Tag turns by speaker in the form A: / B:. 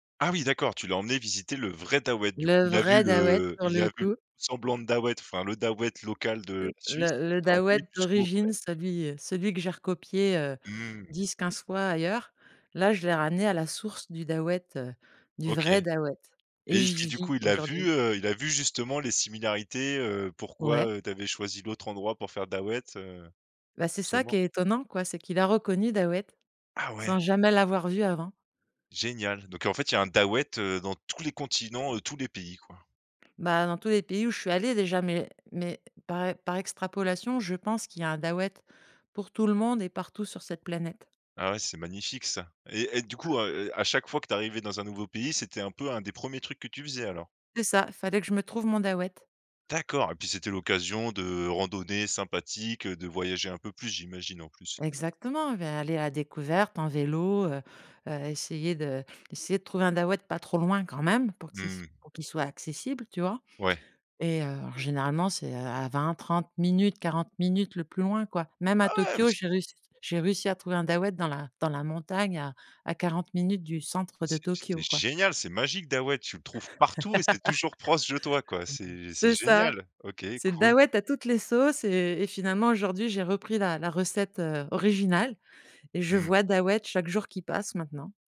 A: Ah oui d'accord! Tu l'as emmené visiter le vrai Daouhët du coup.
B: Le
A: Il a vu
B: vrai Dahouët
A: le
B: pour
A: il a
B: le
A: vu le
B: coup.
A: semblant de Dahouët, enfin le Dahouët local de la
B: Le
A: Suisse.
B: le
A: Tu
B: le
A: l'as emmené
B: Dahouët
A: jusqu'où après?
B: d'origine celui, heu, celui que j'ai recopié, heu,
A: Mmh.
B: 10-15 fois ailleurs, là je l'ai ramené à la source du Dahouët, heu, du
A: OK.
B: vrai Dahouët et
A: Et est-ce
B: j'y
A: qui du coup
B: vis
A: il a
B: aujourd'hui
A: vu, heu il a vu justement les similarités? Heu, pourquoi,
B: Ouais.
A: heu, tu avais choisi l'autre endroit pour faire Daouhët, heu?
B: Bah c'est ça qui
A: Seulement
B: est étonnant, quoi, c'est qu'il a reconnu Dahouët
A: Ah
B: sans
A: ouais!
B: jamais l'avoir vu avant.
A: Génial! Donc en fait il y a un Dahouët, heu, dans tous les continents, heu, tous les pays, quoi.
B: Bah dans tous les pays où je suis allée déjà, mais mais, par e par extrapolation, je pense qu'il y a un Dahouët pour tout le monde et partout sur cette planète.
A: Ah ouais, c'est magnifique, ça. Et et du coup, heu, à à chaque fois que tu arrivais dans un nouveau pays, c'était un peu un des 1ers trucs que tu faisais, alors?
B: C'est ça, fallait que je me trouve mon Dahouët.
A: D'accord! Et puis c'était l'occasion de randonnées sympathiques, de voyager un peu plus, j'imagine, en plus?
B: Exactement, beh aller à découverte en vélo, heu heu, essayer de essayer de trouver un Dahouët pas trop loin quand même pour qu'il s
A: Mmh.
B: pour qu'il soit accessible, tu vois?
A: Ouais.
B: Et heu, alors généralement c'est, heu à 20-30 minutes, 40 minutes le plus loin, quoi. Même à
A: Ah ouais mais
B: Tokyo
A: c'est
B: j'ai réussi, j'ai réussi à trouver un Dahouët dans la dans la montagne à à 40 minutes du centre de
A: C'est c'est
B: Tokyo, quoi.
A: génial! C'est magique, Dahouët, tu le trouves partout et c'est toujours proche de toi, quoi!
B: [unintelligible]
A: C'est c'est
B: C'est ça!
A: génial! OK,
B: C'est
A: cool.
B: Dahouët à toutes les sauces et et finalement aujourd'hui, j'ai repris la la recette, heu, originale et je
A: Mmh.
B: vois Dahouët chaque jour qui passe, maintenant.